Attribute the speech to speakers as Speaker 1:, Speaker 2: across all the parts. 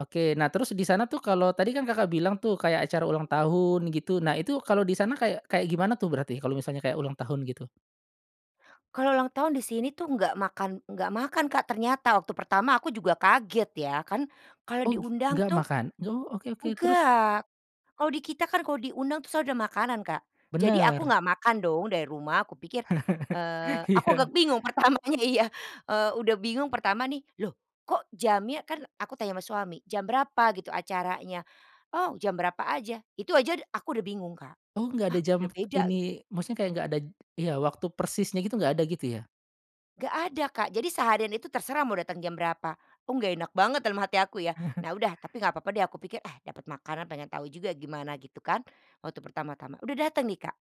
Speaker 1: Oke, nah terus di sana tuh kalau tadi kan Kakak bilang tuh, kayak acara ulang tahun gitu. Nah itu kalau di sana kayak kayak gimana tuh berarti, kalau misalnya kayak ulang tahun gitu?
Speaker 2: Kalau ulang tahun di sini tuh nggak makan nggak makan Kak, ternyata, waktu pertama aku juga kaget ya. Kan kalau
Speaker 1: Oh gi
Speaker 2: diundang
Speaker 1: nggak
Speaker 2: tuh
Speaker 1: makan? Oh oke oke, terus?
Speaker 2: enggak, kalau di kita kan kalau diundang tuh selalu udah makanan Kak, jadi aku
Speaker 1: Bener.
Speaker 2: gak makan dong dari rumah, aku pikir, eee, aku agak
Speaker 1: Iya.
Speaker 2: bingung pertamanya, iya, eee, udah bingung pertama nih, loh, kok jamnya kan aku tanya sama suami, "Jam berapa gitu, acaranya?" "Oh, jam berapa aja!" Itu aja d aku udah bingung Kak,
Speaker 1: Oh, nggak
Speaker 2: "Hah,
Speaker 1: ada
Speaker 2: udah
Speaker 1: jam p
Speaker 2: beda," gitu.
Speaker 1: ini, maksudnya kayak nggak ada d iya, waktu persisnya gitu, nggak ada, gitu ya?
Speaker 2: Enggak ada, Kak, jadi seharian itu terserah mau datang jam berapa, "Oh nggak enak banget," dalam hati aku ya. Nah udah, tapi nggak papa deh aku pikir, "Ah, dapat makanan pengen tahu juga gimana," gitu kan waktu pertama-tama, udah dateng nih, Kak,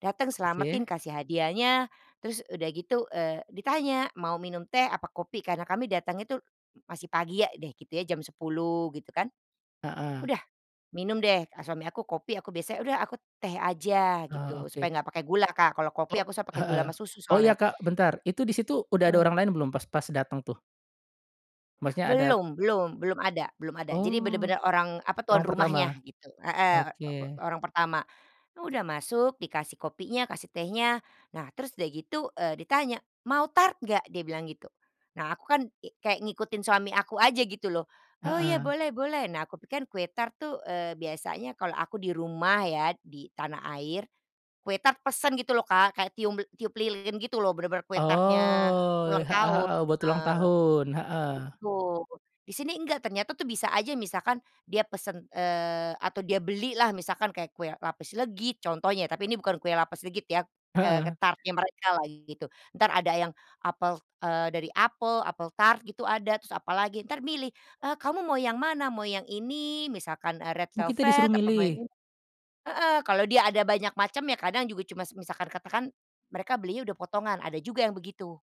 Speaker 2: datang
Speaker 1: Oke.
Speaker 2: selametin kasih hadiahnya, terus udah gitu, eee, ditanya, "Mau minum teh, apa kopi?" Karena kami datang itu m masih pagi ya deh gitu ya, jam 10 gitu kan.
Speaker 1: Heeh.
Speaker 2: Udah, minum deh suami aku kopi, aku biasanya, "Udah, aku teh aja,"
Speaker 1: Oh,
Speaker 2: gitu.
Speaker 1: oke.
Speaker 2: Supaya enggak pakai gula Kak, kalau
Speaker 1: O
Speaker 2: kopi aku suka pakai gula
Speaker 1: heeh,
Speaker 2: sama susu
Speaker 1: oh
Speaker 2: soalnya.
Speaker 1: ya, Kak, bentar, itu di situ udah ada
Speaker 2: Mhm.
Speaker 1: orang lain belum, pas pas dateng tuh? Maksudnya ada
Speaker 2: Belum belum belum ada belum ada. Jadi
Speaker 1: Oh,
Speaker 2: bener-bener orang apa tuan
Speaker 1: orang
Speaker 2: rumahnya
Speaker 1: pertama,
Speaker 2: gitu, heeh, o bo
Speaker 1: oke.
Speaker 2: orang pertama, udah masuk dikasih kopinya, kasih tehnya. Nah, terus udah gitu, eee, ditanya, "Mau tart nggak?" Dia bilang gitu. Nah aku kan kek kayak ngikutin suami aku aja gitu loh, "Oh iya,
Speaker 1: Heeh.
Speaker 2: boleh boleh." Nah, aku pikir kue tart tuh, eee, biasanya kalau aku di rumah ya, di tanah air, kue tart pesen gitu loh, Kak, kayak tium eee, tiup lilin gitu loh, bener-bener kue tart-nya
Speaker 1: Oh,
Speaker 2: eee, ulang
Speaker 1: heeh
Speaker 2: tahun
Speaker 1: heeh, buat ulang
Speaker 2: heeh,
Speaker 1: tahun, heeh.
Speaker 2: betul, di sini enggak, ternyata tuh bisa aja misalkan dia pesen, eee, atau dia beli lah, misalkan kayak kue lapis legit contohnya, tapi ini bukan kue lapis legit ya, eee,
Speaker 1: Heeh.
Speaker 2: tart-nya mereka lah gitu. Entar ada yang dari apel eee, dari apel, apel tart gitu ada, terus apalagi, ntar milih, eee, "Kamu mau yang mana, mau yang ini misalkan, eee, red
Speaker 1: Oh, kita disuruh
Speaker 2: velvet, apa mau yang
Speaker 1: milih?
Speaker 2: ini" heeh, kalau dia ada banyak macam, ya kadang juga cuma misalkan katakan mereka belinya udah potongan, ada juga yang begitu.